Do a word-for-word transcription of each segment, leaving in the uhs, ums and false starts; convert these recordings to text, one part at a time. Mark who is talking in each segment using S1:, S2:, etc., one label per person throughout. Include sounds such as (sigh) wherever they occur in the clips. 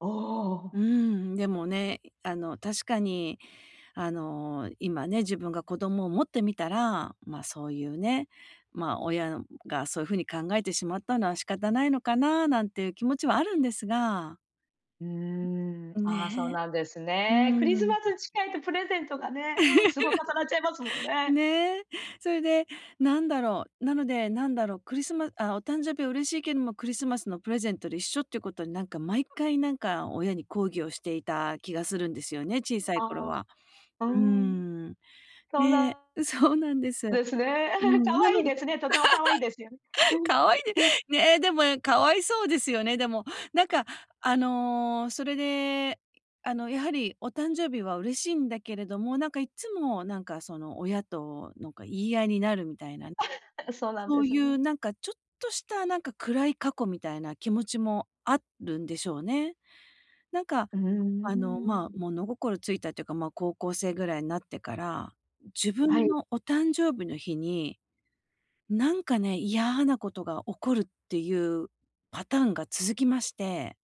S1: あ
S2: う
S1: あ。
S2: ーん。でもね、いあの、確かに、あの、今ね、自分が子供を持ってみたら、ま、そういうね、ま、親がそういう風に考えてしまったのは仕方ないのかな、なんていう気持ちはあるんですが
S1: うー
S2: ん
S1: ん、
S2: う
S1: ああそう
S2: ね
S1: なんです
S2: え。う
S1: ね。クリ
S2: ー
S1: ス
S2: ん。
S1: マス近いとプレゼントがね、うんすごい重なっちゃいますもん
S2: (laughs)
S1: ね。
S2: ねえ。それで、何だろう。なので、何だろう、クリスマあ、お誕生日は嬉しいけども、クリスマスのプレゼントで一緒っていうことに、なんか毎回、なんか親に抗議をしていた気がするんですよね、小さ
S1: あ
S2: い頃は。
S1: あ、うー
S2: うー
S1: ん。
S2: ん、
S1: そう
S2: ね、
S1: だ
S2: そうなんです。
S1: です
S2: う
S1: ね。(laughs)
S2: ん、
S1: 可
S2: なの
S1: 愛いですね、とても可愛いですよねう
S2: (laughs)
S1: ん、
S2: 可愛いで
S1: うん。
S2: ねえ、でも可哀そうですよね、でも。なんか、あの、それで、あの、やはり、お誕生日は嬉しいんだけれども、なんかいっつも、なんかその親と、なんか言い合いになるみたいな。
S1: (laughs) そうなん
S2: そ
S1: で
S2: う
S1: す
S2: い
S1: ね。
S2: うなんか、ちょっとしたなんか暗い過去みたいな気持ちもあるんでしょうね。なんか、
S1: うー
S2: あの、
S1: んうー
S2: まあ
S1: ん。
S2: 物心ついたっていうか、まあ高校生ぐらいになってから、自
S1: は
S2: 分
S1: い。
S2: のお誕生日の日に、なんかね、嫌なことが起こるっていうパターンが続きまして。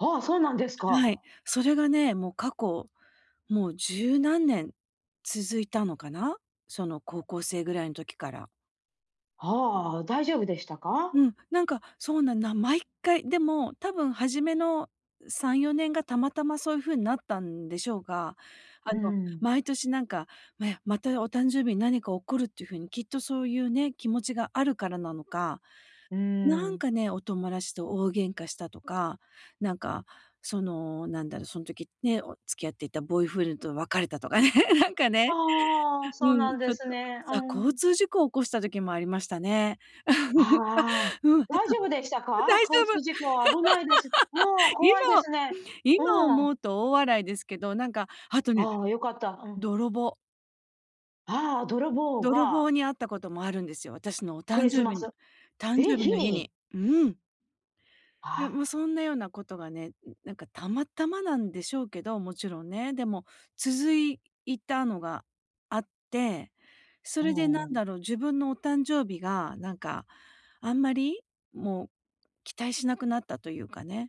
S1: ああ、そうなんです
S2: は
S1: か。
S2: い。それがね、もう過去、もう十何年続いたのかな。その高校生ぐらいの時から。
S1: はあ、大丈夫でしたか？
S2: うん、なんか、そうなんな毎回、でも、多分初めの、うさんよねんがたまたまそういう風になったんでしょうが、あ
S1: う
S2: の、
S1: ん。
S2: 毎年なんか、まやまたお誕生日に何か起こるっていう風に、きっとそういうね、気持ちがあるからなのか。
S1: うー
S2: なん
S1: ん。
S2: かね、お友達と大喧嘩したとか、なんか、その、なんだろ、その時ね、付き合っていたボーイフレンドと別れたとかね、(laughs) なんかね、
S1: ああ、そう
S2: う
S1: な
S2: ん、
S1: ん
S2: ち
S1: で
S2: ょっ
S1: す
S2: と
S1: ね。う
S2: そ交
S1: ん。
S2: 通事故を起こした時もありましたね。
S1: ああ、
S2: うん、あ、うん、あと
S1: 大丈夫でしたか？
S2: 大丈
S1: 交
S2: 夫。
S1: 通事故、危ないです。もう
S2: (laughs)
S1: 怖いで
S2: 今
S1: すね。う
S2: 今
S1: ん。
S2: 思うと大笑いですけど、なんか、あとね、
S1: ああ、よかった、うん。
S2: 泥棒。
S1: ああ、泥棒
S2: 泥
S1: が
S2: 棒に会ったこともあるんですよ。私のお
S1: ク
S2: 誕
S1: リス
S2: 生
S1: マ
S2: 日の
S1: ス
S2: 誕
S1: え、
S2: 生日
S1: 日
S2: の日
S1: に？
S2: に。うん。いや、もう
S1: ああ。
S2: そんなようなことがね、んなんかたまたまなんでしょうけど、もちろんね。でも、続いたのがあって、そ
S1: あ
S2: れで何
S1: お。
S2: だろう、自分のお誕生日が、なんかあんまり、もう期待しなくなったというかね。